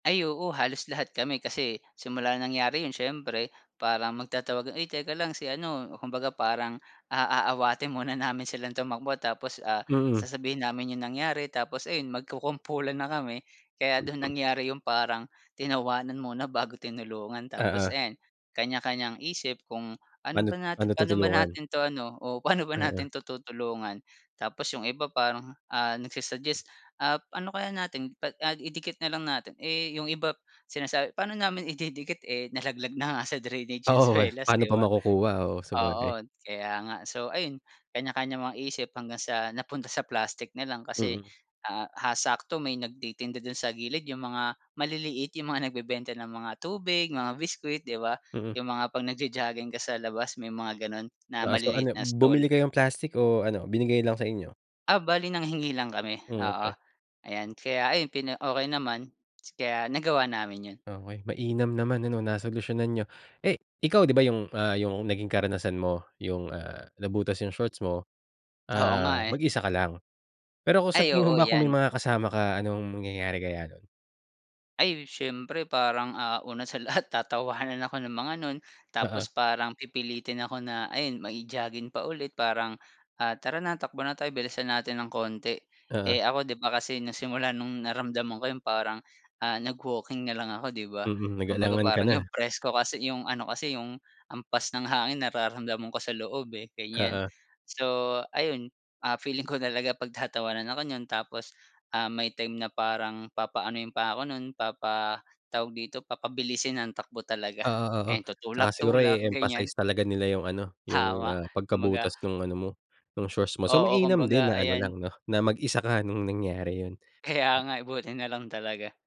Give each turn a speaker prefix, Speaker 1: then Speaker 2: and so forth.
Speaker 1: Ay, oo halos lahat kami kasi simula nangyari yun siyempre parang magtatawag ay teka lang si ano kumbaga parang, ah, aaawatin muna namin silang tumakbo tapos, ah,
Speaker 2: Mm.
Speaker 1: sasabihin namin yung nangyari tapos ayun magkukumpulan na kami. Kaya dun nangyari yung parang tinawanan muna bago tinulungan tapos
Speaker 2: Oo.
Speaker 1: ayan kanya-kanyang isip kung, "Ano
Speaker 2: Paano't
Speaker 1: ba natin
Speaker 2: paano
Speaker 1: pano ba
Speaker 2: tutulungan?
Speaker 1: natin 'to ano o pano ba
Speaker 2: Mm.
Speaker 1: natin to tutulungan?" Tapos yung iba parang, ah, nagsu-suggest, "Ah ano kaya natin pa idikit na lang natin." Eh, yung iba sinasabi, "Paano namin ididikit, eh, nalaglag na nga sa drainage yung
Speaker 2: Oo,
Speaker 1: suelas,
Speaker 2: paano
Speaker 1: 'di
Speaker 2: pa
Speaker 1: ba?"
Speaker 2: makukuha, oo sabagay.
Speaker 1: Oo kaya nga. So ayun kanya kanyang mga isip hanggang sa napunta sa plastik nalang kasi,
Speaker 2: Mm.
Speaker 1: ah, sakto may nagtitinda dun sa gilid yung mga maliliit yung mga nagbebenta ng mga tubig mga biskwit, 'di ba.
Speaker 2: Mm.
Speaker 1: Yung mga 'pag nagjo-jogging ka sa labas may mga ganon na
Speaker 2: Ah, so
Speaker 1: maliliit
Speaker 2: ano
Speaker 1: na stall.
Speaker 2: bumili kayo ng plastic o ano binigay lang sa inyo?
Speaker 1: Ah, bale nanghingi lang kami, oo
Speaker 2: Okey.
Speaker 1: ayan. Kaya ayon pina okey naman kaya nagawa namin yun.
Speaker 2: Okey, mainam naman ano nasolusyonan niyo. Eh ikaw 'di ba yung, ah, yung naging karanasan mo yung, ah, nabutas yung shorts mo,
Speaker 1: Oo
Speaker 2: ah,
Speaker 1: nga, eh.
Speaker 2: mag-isa ka lang pero kung sa
Speaker 1: Ay
Speaker 2: tingin mo
Speaker 1: oo,
Speaker 2: ba kung may
Speaker 1: yan.
Speaker 2: mga kasama ka anong mangyayari kaya nun?
Speaker 1: Ay siyempre parang, ah, una sa lahat tatawanan ako ng mga nun,
Speaker 2: Oo.
Speaker 1: tapos parang pipilitin ako na ayun mai-jogging pa ulit parang, ah, "Tara na takbo na tayo bilisan natin ng konti."
Speaker 2: Oo.
Speaker 1: Eh, ako di ba kasi na simula nung naramdaman ko yung parang, ah, nag-walking na lang ako, 'di ba.
Speaker 2: Mm,
Speaker 1: Kumbaga
Speaker 2: nag-alangan ka
Speaker 1: parang yung
Speaker 2: na.
Speaker 1: presko kasi yung ano kasi yung hampas ng hangin nararamdaman ko sa loob, eh, ganyan.
Speaker 2: Oo.
Speaker 1: So ayun, ah, feeling ko talaga pagtatawanan ako niyan tapos, ah, may time na parang papaanuhin pa ako nun, papa tawag dito papabilisin ang takbo talaga
Speaker 2: Oo, oo,
Speaker 1: and
Speaker 2: tsaka siguro
Speaker 1: tutulak-tulak, ganyan.
Speaker 2: e-emphasize talaga nila yung ano yung,
Speaker 1: Tama,
Speaker 2: ah,
Speaker 1: kumbaga
Speaker 2: pagkabutas nung ano mo nung shorts mo so
Speaker 1: Oo,
Speaker 2: mainam din
Speaker 1: kumbaga
Speaker 2: na ano
Speaker 1: ayan.
Speaker 2: lang no na mag-isa ka nung nangyari yun.
Speaker 1: Kaya nga, eh, buti nalang talaga.